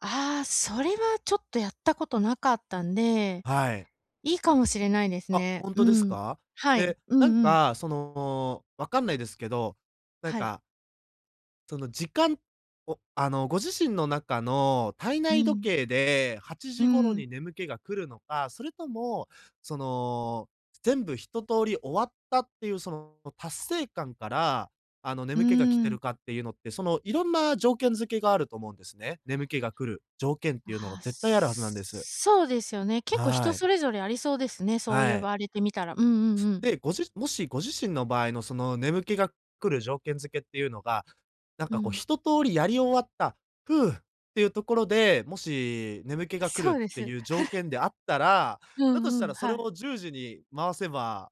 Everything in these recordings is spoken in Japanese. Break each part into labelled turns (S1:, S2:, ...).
S1: ああ、それはちょっとやったことなかったんで、
S2: はい。
S1: いいかもしれないです
S2: あ、
S1: ね。
S2: ほん
S1: う
S2: とです
S1: ーん。
S2: か？
S1: はい。
S2: で、
S1: う
S2: なん
S1: んうん。
S2: か、その、わかんないですけど、なん
S1: はい。
S2: かその、時間を、あの、ご自身の中の体
S1: う
S2: 内時
S1: ん。
S2: 計ではち
S1: うー
S2: じ頃
S1: ん。
S2: に眠気が来るのか、それとも、その、全部一通り終わったっていうその達成感から、あの、
S1: うー
S2: 眠気が来てる
S1: ん。
S2: かっていうのって、そのいろんな条件づけがあると思うんですね。眠気が来る条件っ
S1: あ
S2: ていうのが
S1: あ、
S2: 絶対あるはずなんです。
S1: そうですよね。結構
S2: は
S1: 人
S2: い。
S1: それぞれありそうですね、そう
S2: は
S1: 言
S2: い。
S1: われてみたら。うんうんうん。
S2: で、ごじもしご自身の場合のその眠気が来る条件付けっていうのが、なん
S1: う
S2: か、こう、
S1: ん。
S2: 一通りやり終わった、「ふう」っていうところで、もし眠気
S1: あ、
S2: が来る
S1: そう
S2: っ
S1: で
S2: て
S1: す。
S2: いう条 件であったら、
S1: う
S2: だとし
S1: んう
S2: た
S1: ん、
S2: らそ
S1: は
S2: れ
S1: い。
S2: を10時に回せば、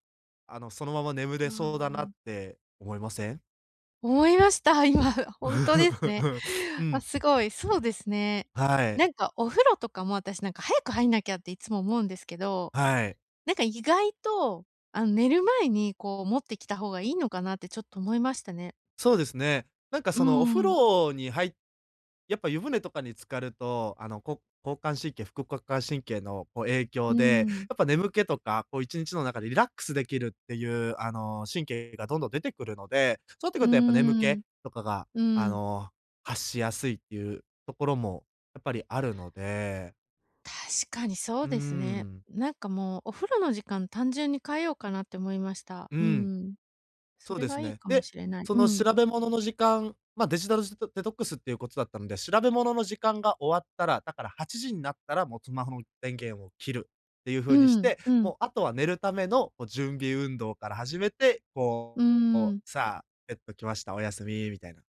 S2: あの、そのまま眠
S1: う
S2: れ
S1: ー
S2: そうだ
S1: ん、
S2: な
S1: うん。
S2: って思いません？
S1: 思いました、今。ほんとですね。
S2: う
S1: あ、
S2: ん。
S1: すごい。そうですね。
S2: はい。
S1: なんか、お風呂とかも、私、なんか、早く入んなきゃっていつも思うんですけど、
S2: はい。
S1: なんか、意外と、あの、寝る前に、こう、持ってきた方がいいのかなって、ちょっと思いましたね。
S2: そうですね。なんか、
S1: うー
S2: その、お風
S1: ん。
S2: 呂に入やっぱ湯船とかに浸かると、あの、こ交感神経、副交感神経のこう影
S1: う
S2: 響
S1: ー
S2: で、
S1: ん。
S2: やっぱ眠気とか、こう、1日の中でリラックスできるっていう、あの、神経がどんどん出てくるので、そうなってく
S1: う
S2: るとやっぱ眠
S1: ー
S2: 気
S1: ん、
S2: とかが、
S1: う
S2: あ
S1: ん。
S2: の、発しやすいっていうところもやっぱりあるので。
S1: 確かにそ
S2: う
S1: う
S2: ー
S1: ですね。
S2: ん。
S1: なんか、もう、お風呂の時間、単純に変えようかなって思いました。
S2: う
S1: うー
S2: ーん。
S1: ん。そ
S2: そう
S1: れ
S2: です
S1: がいい
S2: ね。
S1: かも
S2: で、
S1: しれない。
S2: そ
S1: う
S2: の
S1: ん。
S2: 調べ物の時間、ま、デジタルジトデトックスっていうことだったので、調べ物の時間が終わったら、だから8時んなったら、もうスマホの電源を切るっていう
S1: う
S2: 風にし
S1: ーん、
S2: て、
S1: うん。
S2: もうあとは寝るための、こ、準備運動から始めて、
S1: う
S2: こ
S1: ー
S2: うこ
S1: ん。
S2: う、さあ、ベットきました、おやすみ、みたいな。